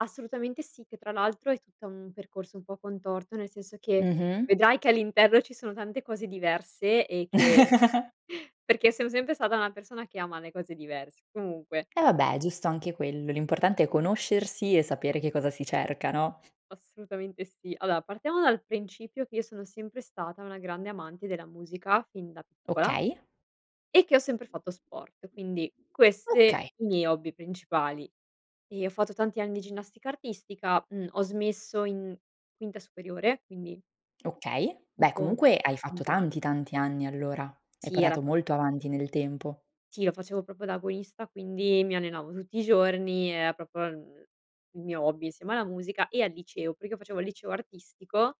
Assolutamente sì, che tra l'altro è tutto un percorso un po' contorto, nel senso che Mh-mh. vedrai che all'interno ci sono tante cose diverse e che perché sono sempre stata una persona che ama le cose diverse. Comunque E vabbè, è giusto anche quello. L'importante è conoscersi e sapere che cosa si cerca no? Assolutamente sì. Allora partiamo dal principio che io sono sempre stata una grande amante della musica fin da piccola Okay. e che ho sempre fatto sport, quindi queste Okay. i miei hobby principali. E ho fatto tanti anni di ginnastica artistica, uhm, ho smesso in quinta superiore quindi Okay, beh dopo comunque hai fatto tanti anni. tanti, tanti anni allora. Hai Sì, era portato molto proprio. avanti nel tempo. Sì, lo facevo proprio da agonista, quindi mi allenavo tutti i giorni, era proprio, uhm, il mio hobby insieme alla musica e al liceo, perché io facevo il liceo artistico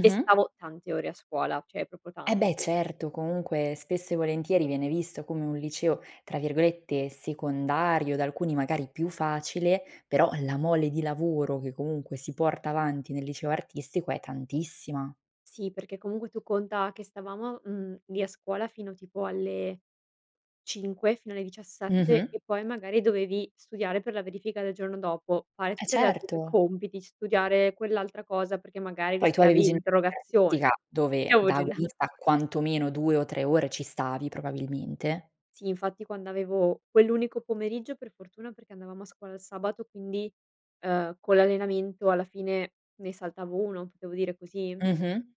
e stavo tante ore a scuola, cioè proprio E beh, tante. certo, comunque spesso e volentieri viene visto come un liceo tra virgolette "secondario", da alcuni magari più facile, però la mole di lavoro che comunque si porta avanti nel liceo artistico è tantissima. Sì, perché comunque tu conta che stavamo, mhmm, lì a scuola fino tipo alle 5 fino alle 17 Mh-mh. e poi magari dovevi studiare per la verifica del giorno dopo, fare Eh, tutte le altre certo. compiti, studiare quell'altra cosa perché magari Poi tu rischiavi avevi ginnastica l'interrogazione. artistica Io dove avevo da ginna agonista quanto meno 2 o 3 ore ci stavi probabilmente. Sì infatti quando avevo quell'unico pomeriggio per fortuna, perché andavamo a scuola il sabato quindi, uhm, con l'allenamento alla fine ne saltavo 1, potevo dire così. Mh-mh.